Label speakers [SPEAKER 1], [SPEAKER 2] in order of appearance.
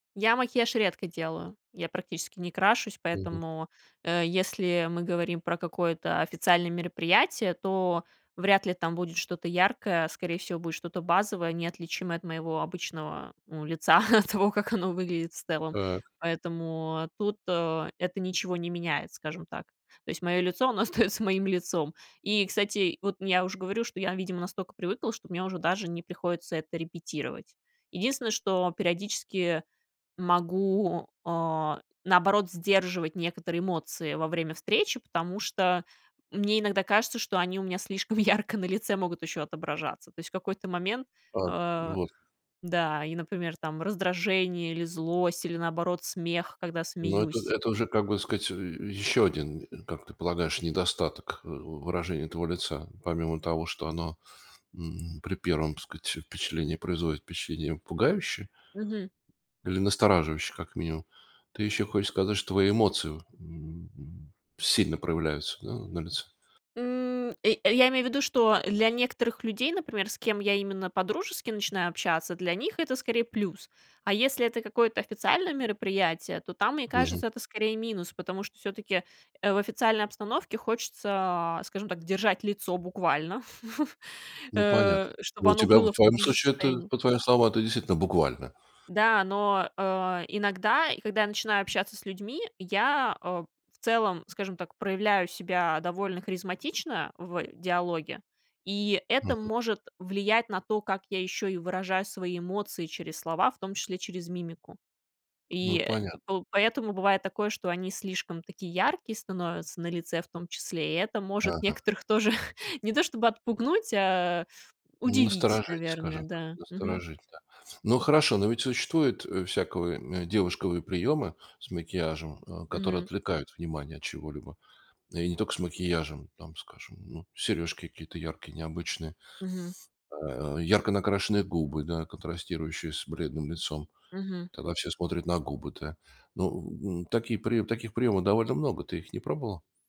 [SPEAKER 1] Я макияж редко делаю, я практически не крашусь,
[SPEAKER 2] Мгм.
[SPEAKER 1] поэтому, э, если мы говорим про какое-то официальное мероприятие, то вряд ли там будет что-то яркое, скорее всего будет что-то базовое, неотличимое от моего обычного, ну, лица, от того, как оно выглядит в целом.
[SPEAKER 2] Так.
[SPEAKER 1] Поэтому тут, а, это ничего не меняет, скажем так. То есть моё лицо оно остаётся моим лицом. И, кстати, вот ну я уже говорю, что я, видимо, настолько привыкла, что мне уже даже не приходится это репетировать. Единственное, что периодически могу, а, наоборот, сдерживать некоторые эмоции во время встречи, потому что мне иногда кажется, что они у меня слишком ярко на лице могут ещё отображаться. То есть, в какой-то момент
[SPEAKER 2] Так, ну
[SPEAKER 1] А,
[SPEAKER 2] вот.
[SPEAKER 1] да, и, например, там раздражение или злость или наоборот смех, когда
[SPEAKER 2] Ну, это
[SPEAKER 1] смеюсь.
[SPEAKER 2] это уже, как бы сказать, и и ещё один, и как ты полагаешь, недостаток ы у выражения твоего лица. Помимо того, что оно, м, при первом сказать впечатление производит впечатление пугающее.
[SPEAKER 1] Мгм.
[SPEAKER 2] Или настораживающее, как минимум, ты ещё хочешь сказать, что твои эмоции, м, м. Сильно проявляются, да, на лице.
[SPEAKER 1] М, э, а я имею ввиду, что для некоторых людей, например, с кем я именно по-дружески начинаю общаться, для них это скорее плюс. А если это какое-то официальное мероприятие, то там, мне
[SPEAKER 2] Мгм.
[SPEAKER 1] кажется, это скорее минус, потому что всё-таки, э, в официальной обстановке хочется, скажем так, держать лицо буквально,
[SPEAKER 2] Ну понятно.
[SPEAKER 1] э,
[SPEAKER 2] Ну
[SPEAKER 1] чтобы
[SPEAKER 2] у
[SPEAKER 1] оно
[SPEAKER 2] тебя, в
[SPEAKER 1] было в
[SPEAKER 2] твоём
[SPEAKER 1] том же
[SPEAKER 2] случае, это
[SPEAKER 1] состоянии.
[SPEAKER 2] по твоим словам, это действительно буквально.
[SPEAKER 1] Да, но, а, иногда и когда я начинаю общаться с людьми, я, а, в целом, скажем так, проявляю себя довольно харизматично в диалоге, и это
[SPEAKER 2] Мгм.
[SPEAKER 1] может влиять на то, как я ещё и выражаю свои эмоции через слова, в том числе через мимику. И,
[SPEAKER 2] Ну
[SPEAKER 1] э,
[SPEAKER 2] понятно.
[SPEAKER 1] пол поэтому бывает такое, что они слишком такие яркие становятся на лице в том числе, и это может
[SPEAKER 2] Ага.
[SPEAKER 1] некоторых тоже не то, чтобы отпугнуть, а удивить,
[SPEAKER 2] Насторожить,
[SPEAKER 1] наверное,
[SPEAKER 2] скажем так.
[SPEAKER 1] да, мгм.
[SPEAKER 2] Насторожить, да. Ну, хорошо. Но ведь существует, э, всяковые девушкавые приёмы с макияжем, а, которые
[SPEAKER 1] Мгм.
[SPEAKER 2] отвлекают внимание от чего-либо. И не тока с макияжем. Там, скажем, ну, серёжки какие-то яркие, необычные.
[SPEAKER 1] Мгм.
[SPEAKER 2] А, ярко накрашенные губы, да, контрастирующие с бледным лицом.
[SPEAKER 1] Мгм.
[SPEAKER 2] Тогда все смотрят на губы, да. Ну, м, м, такие приёмы таких приёмов довольно много. Ты их не пробовала?